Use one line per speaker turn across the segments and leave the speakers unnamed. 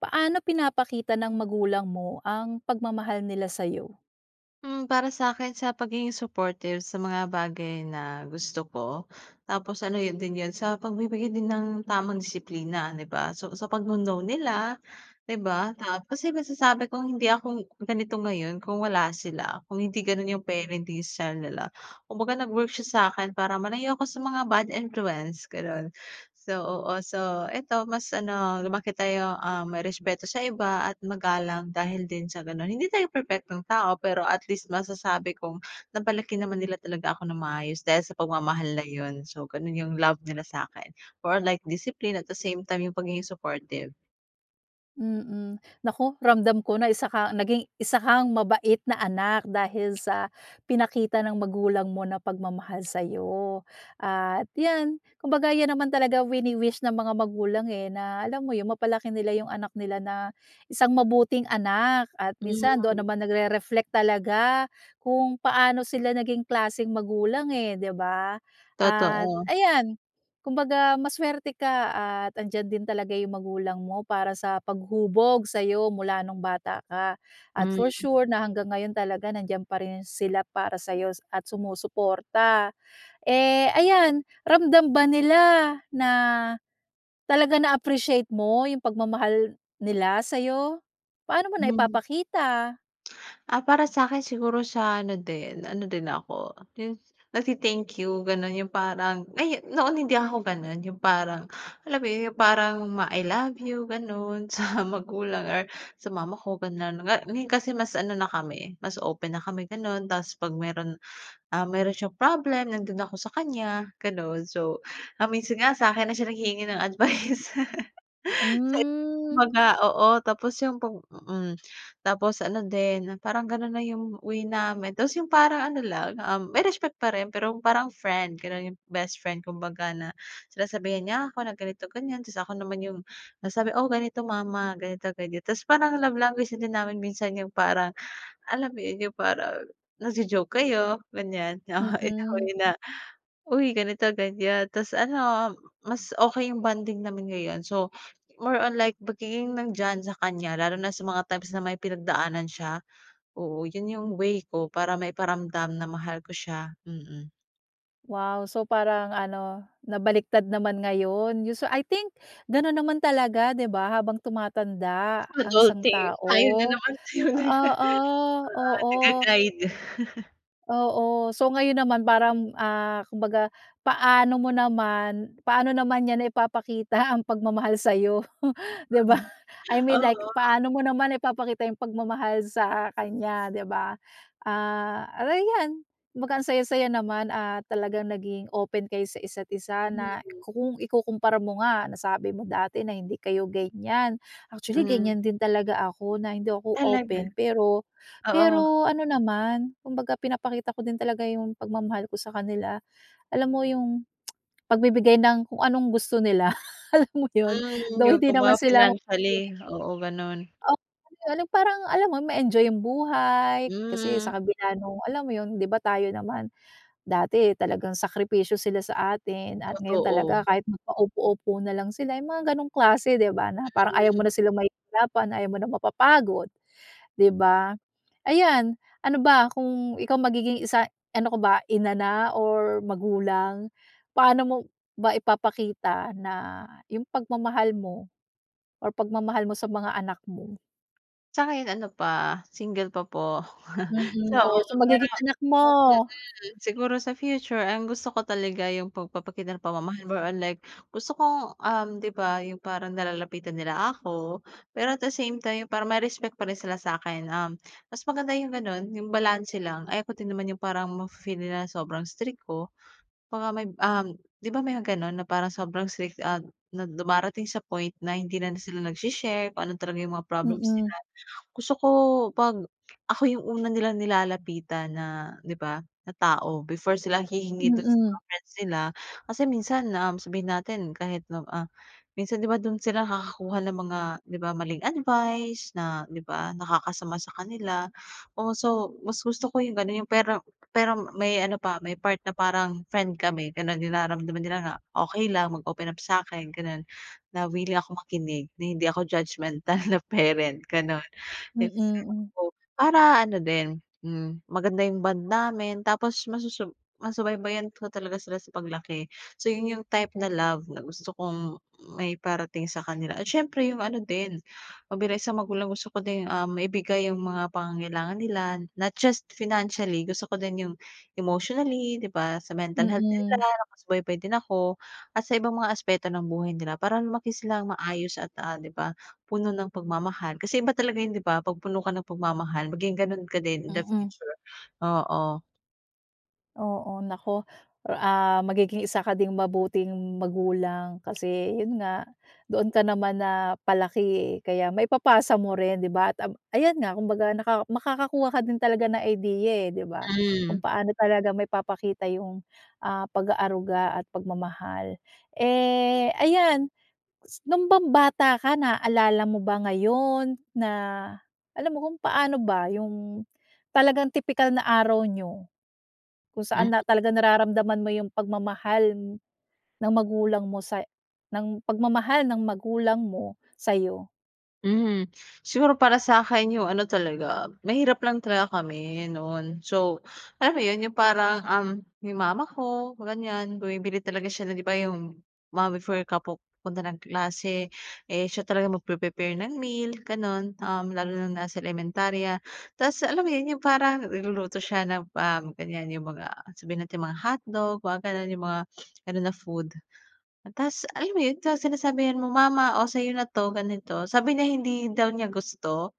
Paano pinapakita ng magulang mo ang pagmamahal nila sa'yo?
Hmm, para sa'kin sa pagiging supportive sa mga bagay na gusto ko, tapos ano yun din yun sa pagbibigay din ng tamang disiplina, di ba? So, sa pagno-no nila, di ba? Tapos yung masasabi kong hindi ako ganito ngayon kung wala sila kung hindi ganun yung parenting style nila. Kumbaga nag-work siya sa'kin para malayo ako sa mga bad influence, ganon. So oh so, ito mas ano lumaki tayong, um, may respeto sa iba at magalang dahil din sa ganun. Hindi tayo perpektong tao pero at least masasabi kong napalaki naman nila talaga ako ng maayos dahil sa pagmamahal na yun. So, ganun yung love nila sa'kin, for a like discipline at the same time yung pagiging supportive.
Mm. Naku, ramdam ko na isa ka naging isa kang mabait na anak dahil sa pinakita ng magulang mo na pagmamahal sa'yo. At yan, kumbaga yan naman talaga wini-wish ng mga magulang, eh, na alam mo yun mapalaki nila yung anak nila na isang mabuting anak. At minsan doon
[unintelligible]
naman nagre-reflect talaga kung paano sila naging klaseng magulang, eh, di ba? At,
Totoo.
ayan, kumbaga maswerte ka at andiyan din talaga yung magulang mo para sa paghubog sa'yo mula nung bata ka at
Hmm.
for sure na hanggang ngayon talaga nandiyan pa rin sila para sa'yo at sumusuporta. Eh, ayan, ramdam ba nila na talaga na-appreciate mo yung pagmamahal nila sa'yo? Paano mo
Hmm.
naipapakita?
Ah, para sakin siguro sa ano din, ano din ako yun nag-te-thank you, ganon yung parang, ay, noon hindi ako ganon, yung parang alam yung parang ma I love you ganon sa magulang or sa mama ko ganon. Ngayon kasi mas ano na kami, mas open na kami ganon, tapos 'pag meron, ah, meron siyang problem nandoon ako sa kanya ganon. So, ah, minsan nga sa 'kin na siya naghihingi ng advice.
Hmm.
Kumbaga, oo, tapos yung pag mm, tapos ano din, parang ganun na yung way namin. Tapos yung parang ano lang, ah, may respect pa rin pero parang friend ganon, yung best friend kumbaga, na sinasabihan niya ako na ganito ganyan, tapos ako naman yung nasabi, oo, ganito mama ganito ganyan. Tapos parang love language din namin minsan yung parang alam mo yun, yung parang nag-jo-joke kayo ganyan in a way
Mm.
na, uy ganito ganyan tas ano mas okay yung bonding namin ngayon. So, more on like pagiging nandiyan sa kanya lalo na sa mga times na may pinagdaanan siya. Oo, yun yung way ko para maiparamdam na mahal ko siya, mm.
Wow, so, parang ano nabaliktad naman ngayon. Yun so I think ganun naman talaga 'di ba, habang tumatanda ang isang
Adulting. Tayo na
tao,
naman. Oo
oo, oo.
nag-ga-guide.
Oo, so ngayon naman parang, ah, kumbaga paano mo naman paano naman niya naipapakita ang pagmamahal sayo, 'di ba? I mean like
Oo.
paano mo naman ipapakita yung pagmamahal sa kanya, 'di ba? Ah, ayan, kumbaga, ang saya saya naman at talagang naging open kayo sa isa't isa na
Mhm.
kung ikukumpara mo nga nasabi mo dati na hindi kayo ganyan. Actually,
Hmm.
ganyan din talaga ako na hindi ako
Talaga.
open pero
Oo.
pero ano naman, kumbaga pinapakita ko din talaga yung pagmamahal ko sa kanila. Alam mo yung pagbibigay ng kung anong gusto nila, alam mo yun
Hmm,
though
yung
hindi naman
kumbaga
sila
financially, oo ganun.
Oh, yung parang alam mo ma-enjoy yung buhay kasi
Hmm.
sa kabila ng alam mo yun, 'di ba, tayo naman dati talagang sakripisyo sila sa atin at ngayon talaga
Totoo.
kahit maka-upo-upo nalang sila, yung mga ganong klase, 'di ba. Na parang ayaw
Mhm.
mo na silang mahihirapan, ayaw mo na mapapagod 'di ba. Ayan, ano ba? Kung ikaw magiging isa ano ka ba, inana or magulang? Paano mo ba ipapakita na yung pagmamahal mo or pagmamahal mo sa mga anak mo?
Sa ngayon ano pa, single pa po.
Mm,
So
or sa
pero
magiging anak mo.
hmm. Siguro sa future ang gusto ko talaga yung pagpapakita ng pamamahal more or like gusto kong, um 'di ba, yung parang nalalapitan nila ako. Pero at the same time, yung parang may respect pa rin sila sa'kin. Um, mas maganda yung ganon, yung balanse lang, ayoko din naman yung parang mafe-feel nila sobrang strict ko. Baka may um, 'di ba may mga ganon, na parang sobrang strict, ah na dumarating sa point na hindi na sila nagse-share kung ano talaga yung mga problems nila.
Mm.
Gusto ko pag ako yung una nilang nilalapitan, na 'di ba, na tao, before sila hihingi dun sa mga
Mm.
friends nila. Kasi minsan, um, sabihin natin kahit na, ah, minsan 'di ba, dun sila nakakakuha ng mga 'di ba, maling advice na 'di ba, nakakasama sa kanila o so, mas gusto ko yung ganun yung pero pero may ano pa, may part na parang friend kami, ganon naramdaman nila na okey lang mag-open up sa'kin ganon. Na willing ako makinig, na hindi ako judgemental na parent, ganun.
Mm, mm.
[unintelligible] Para ano din, hmm, maganda yung bond namin, tapos masusub masubaybayan ko talaga sila sa paglaki. So, yun yung type na love na gusto kong maiparating sa kanila. At siyempre yung ano din, na bilang isang magulang, gusto ko din, um, maibigay yung mga pangangailangan nila, not just financially, gusto ko din yung emotionally 'di ba? Sa mental health din
Mm.
nila nakasubaybay din ako at sa ibang mga aspeto ng buhay nila para lumaki silang maayos at, ah, 'di ba, puno ng pagmamahal. Kasi iba talaga yun 'di ba? 'Pag puno ka ng pagmamahal maging ganun ka din in the
Mm.
future, oo.
Oo, naku, or ah, magiging isa ka ding mabuting magulang, kasi yun nga doon ka naman napalaki, eh, kaya maipapasa mo rin, 'di ba? At, ayan nga kumbaga naka makakakuha ka din talaga ng idea, eh, 'di ba? Kung
Hmm.
paano talaga maipapakita yung, ah, pag-aaruga at pagmamahal. Eh, ayan, s nong bang bata ka, naalala mo ba ngayon na alam mo kung, paano ba yung talagang tipikal na araw niyo. Kung saan
Mhm.
na talaga nararamdaman mo yung pagmamahal ng magulang mo sa ng pagmamahal ng magulang mo sa'yo?
Mhm, siguro para sa'kin yung ano talaga, mahirap lang talaga kami noon. So, alam mo yun, yung parang, um, yung mama ko ganyan bumibili talaga siya na 'di ba, yung mga before ka pup punta ng klase. Eh, siya talaga mag pre-prepare ng meal ganon. Um, lalo na nong nasa elementarya. Tas alam mo, yun yung parang nagluluto siya ng pam ganyan yung mga sabihin natin yung mga hotdog, mga ganun, yung mga ano na food. Tas alam mo yun sa sinasabihan mo, "mama, oh, sayo na'to," ganito. Sabi niya hindi daw niya gusto.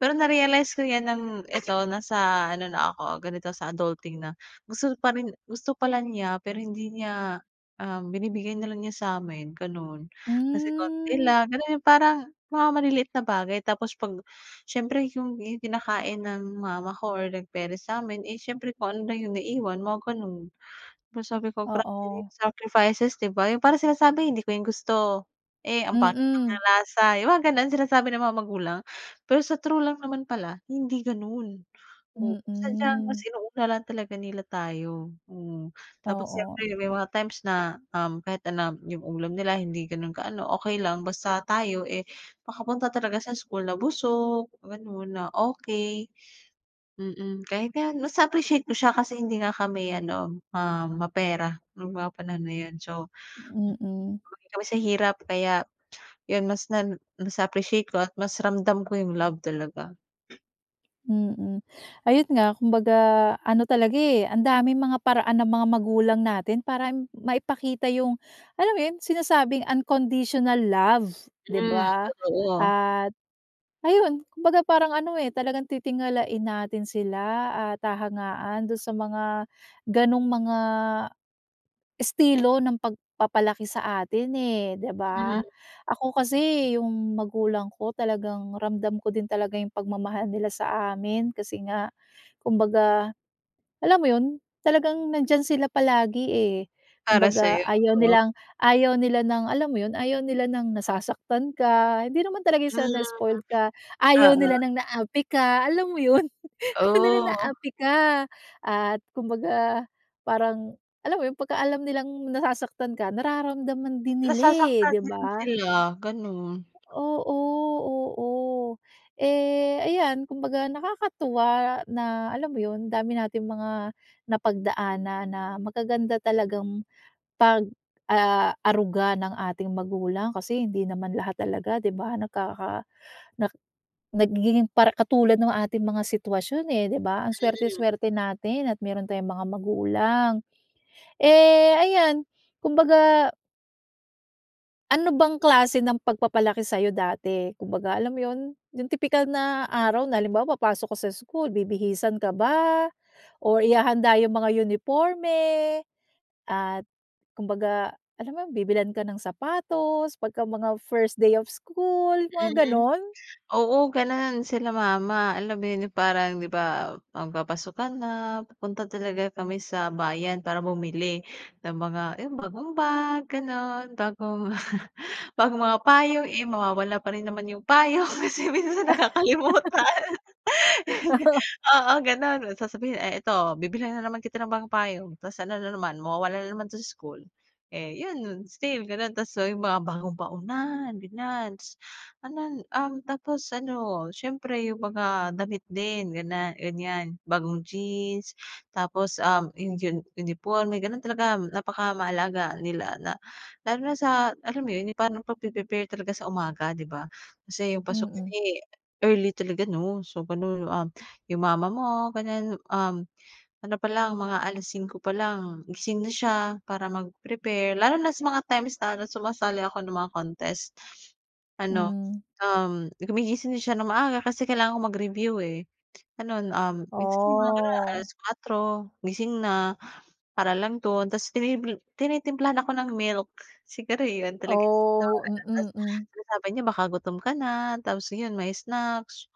Pero narealize ko yan ng eto nasa ano na ako ganito sa adulting na. Gusto pa rin gusto pala niya pero hindi niya um, binibigay na lang niya sa'min ganon. Kasi konti
Hmm.
lang ganun, yung parang mga maliliit na bagay tapos 'pag siyempre, yung kinakain ng mama ko or like parents sa'min. Eh, siyempre kung ano lang yung naiwan mga ganon. Pero sabi ko grabe din
Oo.
sacrifices, 'di ba? Yung parang sinasabi hindi ko yan gusto, eh, ang pangit
Mm.
ng lasa, yung mga ganon sinasabi ng mga magulang. Pero sa true lang naman pala hindi ganon. Oo, sadyang mas
Mm.
inuuna lang talaga nila tayo, hmm. Tapos
Oo.
siyempre may mga, times na, um, kahit ano lang yung ulam nila, hindi ganun ka ano, okey lang basta tayo, eh, makapunta talaga sa school na busog ganon, na, okey. Mm, kahit nga mas appreciate ko siya kasi, hindi nga kami ano ma mapera nung mga panahon na yun. So,
Mm.
hmm, laki kami sa hirap, kaya yun mas nan mas appreciate ko at mas ramdam ko yung love talaga.
Mm, ayun nga, kumbaga ano talaga, eh, ang daming mga paraan ng mga magulang natin para maipakita yung, alam mo yun, sinasabing unconditional love, 'di
Hmm,
ba?
totoo.
At ayun, kumbaga parang ano, eh, talagang titingalain natin sila at hahangaan dun sa mga gano'ng mga estilo ng pagpapalaki sa atin, eh, 'di
Hmm.
ba? Ako kasi, yung magulang ko talagang ramdam ko din talaga yung pagmamahal nila sa amin kasi nga kumbaga, alam mo yun, talagang nandiyan sila palagi, eh.
Para
Kumbaga,
sa'yo,
ayaw
oo.
nilang ayaw nila ng, alam mo yun, ayaw nila ng nasasaktan ka. Hindi naman talaga
Hmm.
siya na spoiled ka, ayaw nila
Oo.
ng naapi ka, alam mo yun, ayaw nila
Oh.
naapi ka at kumbaga parang, alam mo yung pagka alam nilang nasasaktan ka, nararamdaman din nila, eh,
Nasasaktan
'di
din
ba?
sila, ganun.
Oo, oo. Eh, ayan, kumbaga nakakatuwa na, alam mo yun, dami nating mga napagdaan na magaganda talagang pag, ah, aruga ng ating magulang. Kasi hindi naman lahat talaga, 'di ba, nagkaka nak nagiging para katulad ng ating mga sitwasyon, eh, 'di ba? Ang swerte,
Hmm.
swerte natin at meron tayong mga magulang. Eh, ayan, kumbaga Ano bang klase ng pagpapalaki sa'yo dati? Kumbaga, alam mo yun, yung tipikal na araw na halimbawa papasok ka sa school, bibihisan ka ba or ihahanda yung mga uniporme, at kumbaga, alam mo yun, bibilhan ka ng sapatos pagka mga first day of school, mga
Mm.
gano'n?
Oo ganun sila mama, alam mo yun, parang, 'di ba, magpapasukan na pupunta talaga kami sa bayan para bumili ng mga yung bagong bag, ganun, bagong bagong mga payong, eh mawawala pa rin naman yung payong, minsan nakakalimutan.
Oo.
Oo, gano'n, sasabihin, "Eh, ito, bibilhan na naman kita ng bagong payong, tapos ano na naman, mawawala na naman sa school. Eh, yun nun, still ganun tapos yung mga bagong baonan, ganiyan, tas anan, um, tapos ano, siyempre yung mga damit din ganan ganiyan, bagong jeans tapos, um, yung diyan, uniporme, ganun talaga napakamahalaga nila na lalo na sa, alam mo yun, yung parang pagpre-prepare talaga sa umaga, 'di ba? Kasi yung pasukan,
Mm.
eh, early talaga, 'no? So, ganun yung, um, yung mama mo, ganiyan, um, ano palang, mga 5:00 palang, gising na siya para mag-prepare, lalo na sa mga times na sumasali ako ng mga contest. Ano,
Hmm.
um, gumigising na siya ng maaga kasi kailangan ko mag-review, eh, gano'n. Um, basta yung mga gano'n, alas
Oh.
kwatro gising na para lang dun, tapos tini tinitimplahan ako ng milk. Siguro yun talaga
Oh
[unintelligible] Tapos
mm, hmm.
sinasabi niya baka gutom ka na. Tapos, ayun, may snacks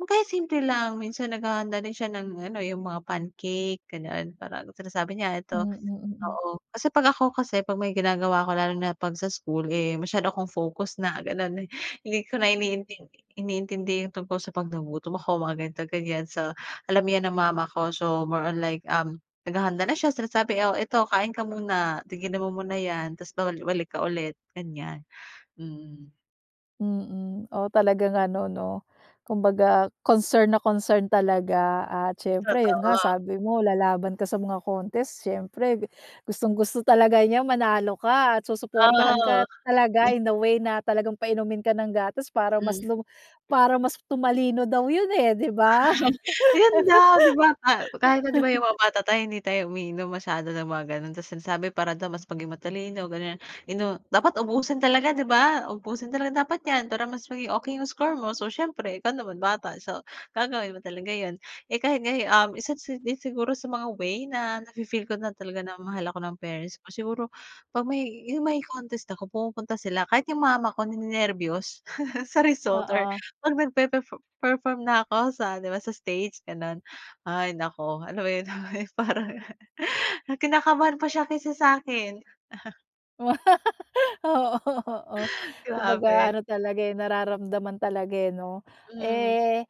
o kaya simple lang. Minsan naghahanda din siya ng ano, yung mga pancake, ganun. Parang sinasabi niya, "Eto,"
Mm, mm.
oo, kasi 'pag ako kasi, 'pag may ginagawa ako lalo na 'pag sa school, eh, masyado akong focus na gano'n, eh, hindi ko na iniintindi iniintindi yung tungkol sa 'pag nagutom ako, mga ganito, ganiyan. So, alam 'yan ng mama ko, so more on like, um, naghahanda na siya sinasabi, "Oh, eto kain ka muna, tigil mo muna 'yan, tapos babalik-balik ka ulit," ganiyan. Mm.
Mm, o talagang ano 'no, kumbaga concern na concern talaga at siyempre yun nga
Totoo.
sabi mo, lalaban ka sa mga contest, siyempre gustong-gusto talaga niya manalo ka at susuportahan ka
Oh,
talaga
hmm.
in a way na talagang painumin ka ng gatas para mas
Hmm.
lum para mas tumalino daw yun eh, ’di ba?
Ayun daw di ba, pa kahit na di ba, yung mga bata tayo hindi tayo umiinom masyado ng mga gano'n, tapos ang sinasabi para daw mas maging matalino, gano'n, inu dapat ubusin talaga di ba? "Uubusin talaga dapat ’yan para mas maging okey ’yung score mo." So, siyempre ikaw naman bata, so gagawin mo talaga ’yon. Eh, kahit ngayon, um, isa't si din siguro sa mga way na nafi-feel ko na talaga na mahal ako ng parents ko siguro pag may, yung may contest ako pumupunta sila kahit yung mama ko ni-nenerbiyos sa result or
Oo.
pag nagpe-perfor perform na ako sa di ba, sa stage gano'n. Ay naku, alam mo 'yun parang na kinakabahan pa siya kaysa sa akin.
Oo, oo kumbaga
Grabe.
ano talaga, eh, nararamdaman talaga, eh, 'no?
Mhm.
Eh,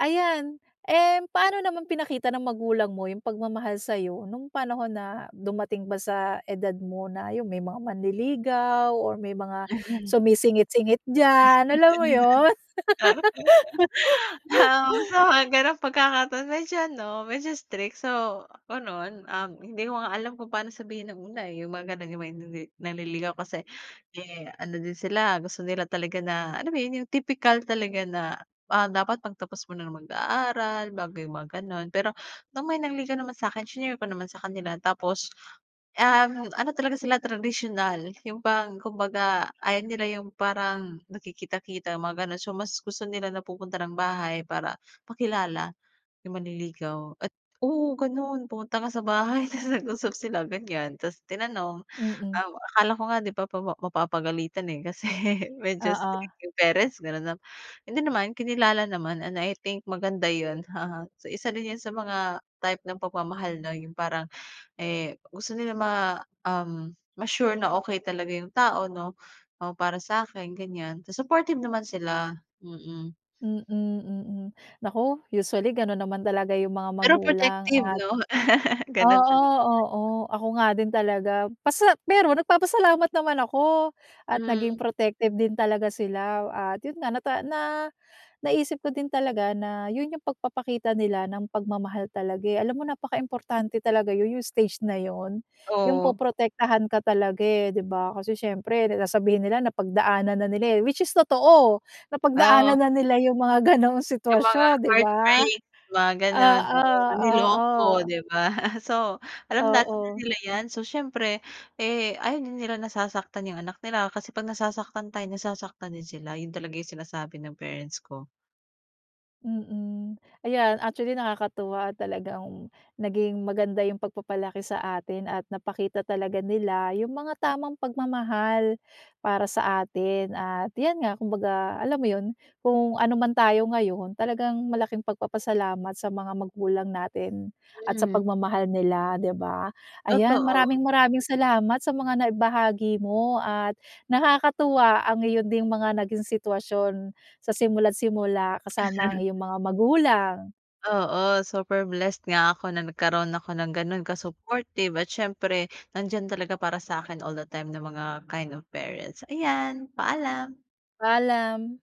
ayan. Eh, paano naman pinakita ng magulang mo yung pagmamahal sa'yo nung panahon na dumating ba sa edad mo na yung may mga manliligaw or may mga sumisingit-singit diyan, alam mo yun?
[unintelligible] Oo, sa mga ganong pagkakataon medyo ano, medyo strict. So, gano'n. Um, hindi ko nga alam kung paano sabihin nung una, eh, yung mga gano'n yung may nini nanliligaw kasi, eh ano din sila gusto nila talaga na alam mo 'yon, yung tipikal talaga na, ah, dapat magtapos muna mag-aaral bago yung mga gano'n. Pero nung may nangligaw naman sa akin, shinare ko naman sa kanila tapos um, ano talaga sila tradisyonal yung parang kumbaga, ayaw nila yung parang nakikita-kita mga gano'n. So, mas gusto nila na pupunta ng bahay para makilala yung manliligaw at oo, gano'n pumunta ka sa bahay tapos nag-usap sila ganyan. Tapos tinanong,
Mm.
um, akala ko nga di ba pawa mapapagalitan, eh, kasi medyo
Oo.
strict yung parents gano'n 'no. Hindi naman. Kinilala naman and I think maganda yun, sa isa rin yun sa mga type ng pagmamahal na yung parang, eh, gusto nila ma um ma-sure na okey talaga yung tao 'no? Oo para sakin ganyan, so supportive naman sila, mm.
Mm, mm. Naku usually gano'n naman talaga yung mga
Pero
magulang
protective
at
'no? Gano'n
oo,
talaga yan.
oo ako nga din talaga pasa pero nagpapasalamat naman ako at naging
Hmm.
protective din talaga sila. At yun nga, nata na naisip ko din talaga na yun yung pagpapakita nila ng pagmamahal talaga, eh. Alam mo, napakaimportante talaga yun, yung stage na yun yung
Oh.
poprotektahan ka talaga eh, di ba, kasi syempre da sasabihin nila, napagdaanan na nila eh, which is totoo,
Oo.
napagdaanan na nila yung mga ganong
Yung mga
sitwasyon, di ba?
heartbreak, mga gano'n
Oo,
oo niloko,
oo.
di ba? So, alam natin na
Oo.
nila ’yan. So siyempre, eh, ayaw din nila nasasaktan yung anak nila, kasi pag nasasaktan tayo, nasasaktan din sila. Yun talaga yung sinasabi ng parents ko.
Mm, ayan actually nakakatuwa at talagang naging maganda yung pagpapalaki sa atin at napakita talaga nila yung mga tamang pagmamahal para sa atin at yan nga kumbaga alam mo yun? Kung ano man tayo ngayon talagang malaking pagpapasalamat sa mga magulang natin at sa
Hmm.
pagmamahal nila, di ba? Ayan,
Totoo.
maraming maraming salamat sa mga naibahagi mo at nakakatuwa ang iyo ding mga naging sitwasyon sa simula't-simula kasama ang iyong mga magulang.
Oo, super blessed nga ako na nagkaroon ako ng gano'n ka-supportive at siyempre nandiyan talaga para sa akin all the time ng mga kind of parents. Ayan, paalam.
Paalam.